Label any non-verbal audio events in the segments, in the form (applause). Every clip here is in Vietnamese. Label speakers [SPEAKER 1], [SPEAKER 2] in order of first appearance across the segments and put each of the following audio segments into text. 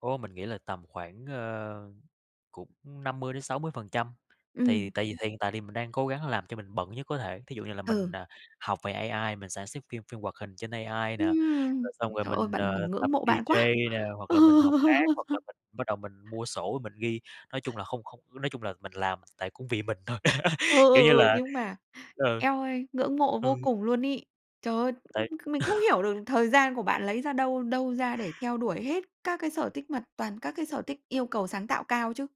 [SPEAKER 1] Ô, mình nghĩ là tầm khoảng, ơ, cũng 50-60%
[SPEAKER 2] Ừm.
[SPEAKER 1] thì tại vì hiện tại thì mình đang cố gắng làm cho mình bận nhất có thể, thí dụ như là mình,
[SPEAKER 2] Ừ.
[SPEAKER 1] à, học về AI mình sản xuất phim phim hoạt hình trên AI nè,
[SPEAKER 2] Ưm,
[SPEAKER 1] rồi xong rồi
[SPEAKER 2] trời ơi,
[SPEAKER 1] mình,
[SPEAKER 2] bạn
[SPEAKER 1] ờ,
[SPEAKER 2] mình ngưỡng
[SPEAKER 1] tập
[SPEAKER 2] mộ bạn quá!
[SPEAKER 1] DJ nè hoặc là mình học hát
[SPEAKER 2] (laughs)
[SPEAKER 1] hoặc là mình bắt đầu mình mua sổ mình ghi, nói chung là, không không ư, nói chung là, mình làm tại cũng vì mình thôi,
[SPEAKER 2] Ừ,
[SPEAKER 1] (laughs) kiểu
[SPEAKER 2] ừ,
[SPEAKER 1] như
[SPEAKER 2] ừ,
[SPEAKER 1] là
[SPEAKER 2] nhưng mà,
[SPEAKER 1] ừ.
[SPEAKER 2] eo ơi, ngưỡng mộ
[SPEAKER 1] Ừm.
[SPEAKER 2] vô cùng luôn ấy. Trời ơi,
[SPEAKER 1] Tại
[SPEAKER 2] c mình
[SPEAKER 1] (laughs)
[SPEAKER 2] không hiểu được thời gian của bạn lấy ra đâu đâu ra để theo đuổi hết các cái sở tích, mà toàn các cái sở thích yêu cầu sáng tạo cao chứ,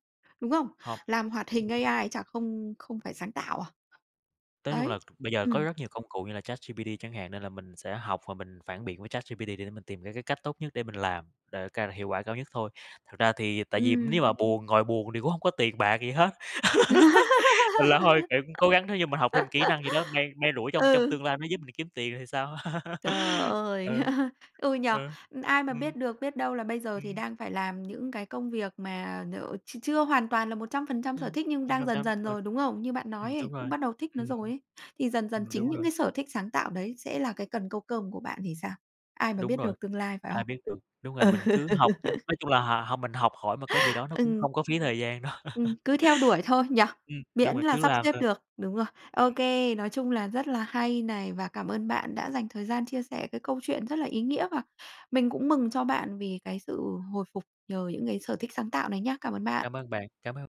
[SPEAKER 2] đúng không?
[SPEAKER 1] Hông.
[SPEAKER 2] Làm hoạt hình AI chả không không phải sáng tạo à?
[SPEAKER 1] Tới chung là
[SPEAKER 2] Đấy,
[SPEAKER 1] bây giờ có
[SPEAKER 2] ừm.
[SPEAKER 1] rất nhiều công cụ như là ChatGPT chẳng hạn, nên là mình sẽ học và mình phản biện với ChatGPT để mình tìm ra cái cách tốt nhất để mình làm, để ca hiệu quả cao nhất thôi, thật ra thì tại vì
[SPEAKER 2] Ừm.
[SPEAKER 1] nếu mà buồn ngồi buồn thì cũng hông có tiền bạc gì hết. (laughs) Mình là hôi, kiểu, cũng cố gắng thế như mình học thêm kỹ năng gì đó,
[SPEAKER 2] (laughs)
[SPEAKER 1] may may rủi trong trong
[SPEAKER 2] Ừ.
[SPEAKER 1] tương lai nó giúp mình kiếm tiền thì sao.
[SPEAKER 2] Trời
[SPEAKER 1] (laughs) Ừ,
[SPEAKER 2] ơi! (laughs) Ừ, nhỉ,
[SPEAKER 1] ừ,
[SPEAKER 2] ai mà
[SPEAKER 1] ừm,
[SPEAKER 2] biết được biết đâu là bây giờ thì
[SPEAKER 1] ừm.
[SPEAKER 2] đang phải làm những cái công việc mà nhờ ch chưa hoàn toàn là 100% sở
[SPEAKER 1] Ừm.
[SPEAKER 2] thích nhưng đang dần
[SPEAKER 1] (unintelligible)
[SPEAKER 2] dần
[SPEAKER 1] rồi.
[SPEAKER 2] rồi, đúng không? Như bạn
[SPEAKER 1] Ừm,
[SPEAKER 2] nói ấy,
[SPEAKER 1] đúng
[SPEAKER 2] cũng
[SPEAKER 1] rồi.
[SPEAKER 2] bắt đầu thích nó
[SPEAKER 1] Ừm.
[SPEAKER 2] rồi ấy, thì dần dần
[SPEAKER 1] Ừm,
[SPEAKER 2] chính
[SPEAKER 1] đúng
[SPEAKER 2] những
[SPEAKER 1] rồi.
[SPEAKER 2] cái sở thích sáng tạo đấy sẽ là cái cần câu cơm của bạn thì sao? Ai mà
[SPEAKER 1] Đúng
[SPEAKER 2] biết
[SPEAKER 1] rồi,
[SPEAKER 2] được tương lai, phải
[SPEAKER 1] ai
[SPEAKER 2] không?
[SPEAKER 1] biết được, đúng rồi
[SPEAKER 2] Ừ,
[SPEAKER 1] mình cứ học đi, nói chung là,
[SPEAKER 2] (laughs)
[SPEAKER 1] h học mình học hỏi một cái gì đó nó cũng
[SPEAKER 2] Ừm.
[SPEAKER 1] không có phí thời gian đâu.
[SPEAKER 2] Ừm,
[SPEAKER 1] (laughs)
[SPEAKER 2] cứ theo đuổi thôi nhỉ?
[SPEAKER 1] Ừm, đúng
[SPEAKER 2] Miễn
[SPEAKER 1] rồi
[SPEAKER 2] là
[SPEAKER 1] cứ
[SPEAKER 2] sắp
[SPEAKER 1] làm
[SPEAKER 2] xếp
[SPEAKER 1] thôi.
[SPEAKER 2] được, đúng rồi. Ô kê, nói chung là rất là hay này và cảm ơn bạn đã dành thời gian chia sẻ cái câu chuyện rất là ý nghĩa và mình cũng mừng cho bạn vì cái sự hồi phục nhờ những cái sở thích sáng tạo này nhá. Cảm ơn bạn.
[SPEAKER 1] Cảm ơn bạn, cảm ơn.